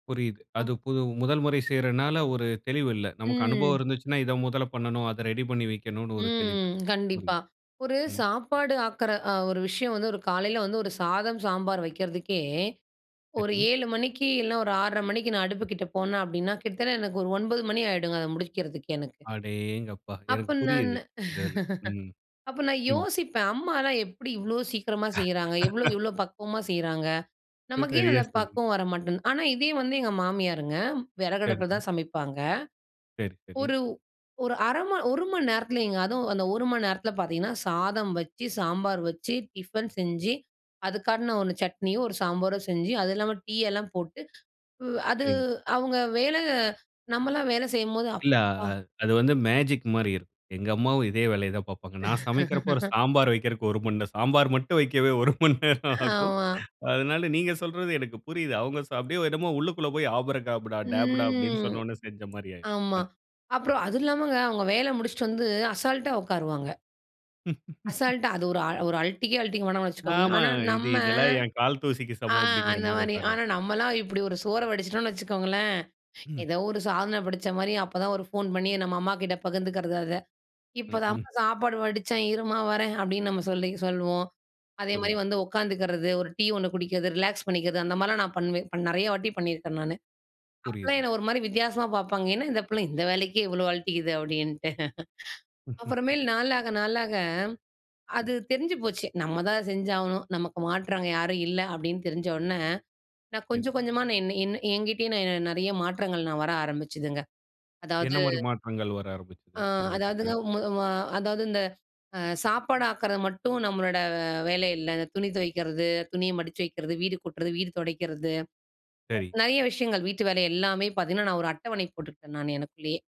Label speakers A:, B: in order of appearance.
A: புரியுது.
B: அப்.
A: அதுக்கு [unintelligible] முதல்முறை செய்றதுனால ஒரு தெளிவு இல்ல. நமக்கு அனுபவம்
B: ம்.
A: இருந்துச்சின்னா, இத முதல பண்ணணும். அத ரெடி பண்ணி வைக்கணும் ஒரு தெளிவு
B: ம்.
A: இருக்கும். ம்,
B: கண்டிப்பா ஒரு
A: ம்
B: சாப்பாடு ஆக்குற அ ஒரு விஷயம் வந்து ஒரு காலையில வந்து ஒரு சாதம் சாம்பார் வைக்கிறதுக்கே, ஒரு
A: சரி.
B: 7 மணிக்கு இல்ல ஒரு 6:30 மணிக்கு நான் அடுப்புக்கிட்ட போன அப்படின்னா, கிட்டத்தட்ட எனக்கு ஒரு 9 மணி ஆகிடுங்க அத முடிக்கிறதுக்கு எனக்கு.
A: அடேங்கப்பா!
B: அப்ப
A: எனக்கு
B: நானு
A: புரியுது. அந்த இதில. ம்,
B: அப்ப நான்
A: ம்
B: யோசிப்பேன் அம்மால்லாம் எப்படி இவ்வளவு சீக்கிரமா செய்றாங்க? எவ்ளோ இவ்ளோ பக்குவமா செய்றாங்க? நமக்கு ஏன்
A: சரியா
B: அந்த
A: சொன்னீங்க.
B: பக்குவம் வர மாட்டேங்குது. ஆனா இதே வந்து எங்க மாமியாருங்க, விறகு அடுப்பில
A: சரிங்க.
B: தான் சமைப்பாங்க.
A: சரி, சரி.
B: ஒரு ஒரு 1/2 மணி 1 மணி நேரத்துலைங்க, அதுவும் அந்த 1 மணி நேரத்தில பாத்தீங்கன்னா, சாதம் வச்சு, சாம்பார் வச்சு, டிஃபன் செஞ்சி, அதுக்காட்டின ஒரு சட்னியோ, ஒரு சாம்பாரோ செஞ்சு அது இல்லாம டீ எல்லாம் போட்டு உ அது
A: சரிங்க.
B: அவங்க வேல நம்பலாம் வேலை செய்யும்போது
A: இல்ல அ
B: அப்பா!
A: அ அது வந்து மேஜிக் மாரி இருக்கும். எங்க அம்மாவும் இதே வேலைய தான் பார்ப்பாங்க. நான் சமைக்கிறபோ ஒரு சாம்பார் வைப்கற்கு 1 மணி நேரம் சாம்பார் மட்டும் வைக்கவே 1 மணி நேரம் ஆகும்.
B: ஆமா.
A: அதனால நீங்க சொல்றது எனக்கு புரியுது. அவங்க ச அப்படியே என்னமோ உள்ளுக்குள்ள போய் ஆபரகாபடா, டேப் டா அப்படின்னு
B: ம்,
A: சொன்ன உடனே செஞ்ச மாரி ஆயிரும்,
B: ஆமா.
A: கண்.
B: அப்புறம் அது இல்லாமங்க அவங்க வேலை முடிச்சிட்டு வந்து அசால்ட்டா உட்காருவாங்க. அசால்டா அது ஒரு ஒரு அலட்டிக்கே அலட்டிக்க வேணாம்னு வச்சுக்கோங்க.
A: ஆமா.
B: ஆனா
A: இது
B: நம்ம
A: இதெல்லாம் என் கால் தூசிக்கு
B: ஆ
A: சமம் அப்டிங்கிற
B: அந்த
A: மாரி
B: மாரி ஆனா
A: உட்காருவாங்க.
B: நம்மலாம் இப்படி ஒரு சோற வடிச்சிட்டோம்னு வச்சுக்கோங்களேன்,
A: ம்.
B: ஏதோ ஒரு சாதன படைச்சா மாரி அப்போதான் ஒரு ஃபோன் பண்ணி நம்ம அம்மாகிட்ட பகிர்ந்துக்கிறது அத. இப்போ
A: ம் ஹ்ம்.
B: தாமா சாப்பாடு வடிச்சேன் இரும்மா வரேன் அப்படின்னு நம்ப சொல்லி சொல்லுவோம். அதே மாரி
A: புரியுது.
B: வந்து உட்காந்துக்கிறது, ஒரு டீ ஒண்ணு குடிக்கிறது, ரிலாக்ஸ் பண்ணிக்கிறது அந்த மாரிலாம் நா பண்ணுவேன், இப்ப நெறைய வாட்டி பண்ணியிருக்கேன் நானு. அப்போலாம்
A: புரியுது.
B: என்ன ஒரு மாரி வித்தியாசமா பார்ப்பாங்க. என்ன இந்த பிள்ள இந்த வேலைக்கே இவ்ளோ அல்ட்டிக்குது அப்படின்ட்டு. அப்புறமேல் நாளாக நாளாக
A: ம்.
B: அது தெரிஞ்சு போச்சு நம்மதான் செஞ்சாகணும், நமக்கு மாற்றா அங்க யாரும் இல்ல அப்படின்னு தெரிஞ்ச உடனே, நா
A: சரி.
B: கொஞ்சம் கொஞ்சமா நா என் என் என்கிட்டேய நிறைய மாற்றங்கள் நா வர ஆரம்பிச்சுதுங்க.
A: என்ன
B: அதாவது
A: மாரி மாற்றங்கள் வர ஆரம்பிச்சுது
B: ஆ அதாவதுங்க
A: உங்ககிட்ட?
B: [unintelligible] அதாவது இந்த அ சாப்பாடு ஆக்குறது மட்டும் நம்மளோட வேல இல்ல, இந்த துணி துவைக்கிறது, துணிய மடிச்சி வைக்கிறது, வீடு கூட்டுறது, வீடு துடைக்கிறது
A: சரி.
B: நெறைய விஷயங்கள் வீட்டு வேலை எல்லாமே பாத்தீங்கன்னா, நான் ஒரு அட்டவணை போட்டுப்பேன் நா எனக்குள்ளேயே.